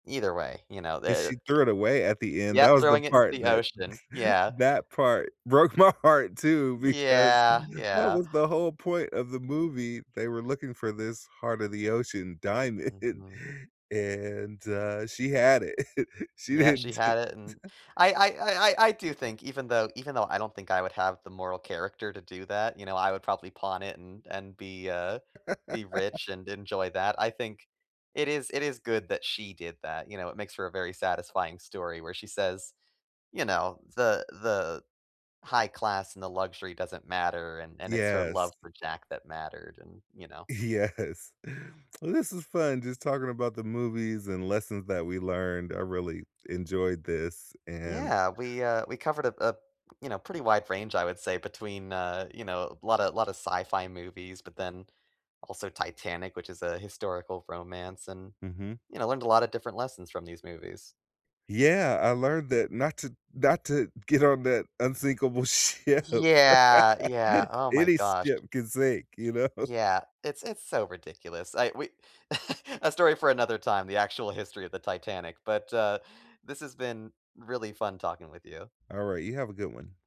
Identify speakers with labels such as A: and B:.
A: Either way, you know,
B: And she
A: the c
B: threw it away at the end, that
A: yep,
B: was the
A: throwing it into
B: part
A: the
B: that
A: ocean. Yeah.
B: that part broke my heart too because
A: Yeah.
B: that
A: Yeah.
B: was the whole point of the movie. They were looking for this heart of the ocean diamond
A: Mhm.
B: and, uh she had it. She
A: Yeah, she
B: didn't
A: had it n I I I I I do think even though even though I don't think I would have the moral character to do that, you know, I would probably pawn it and and be, uh, be rich and enjoy that. I think it is it is good that she did that, you know, it makes for a very satisfying story where she says, you know, the the high class and the luxury doesn't matter, and and it's her love
B: Yes.
A: for Jack that mattered, and, you know?
B: Yes. This is fun just talking about the movies and lessons that we learned, I really enjoyed this and
A: Yeah, we, uh, we covered a a, you know, pretty wide range, I would say, between, uh, you know, a lotta lotta of sci fi movies, but then also Titanic, which is a historical romance and,
B: Mhm.
A: you know, learned a lotta different lessons from these movies.
B: Yeah, I learned that not to not to get on that unsinkable ship.
A: Yeah, yeah, oh my
B: Any
A: gosh.
B: ship can sink, you know?
A: Yeah, it's it's so ridiculous. I we a story for another time, the actual history of the Titanic. But, uh, this has been really fun talking with you.
B: Alright, you have a good one.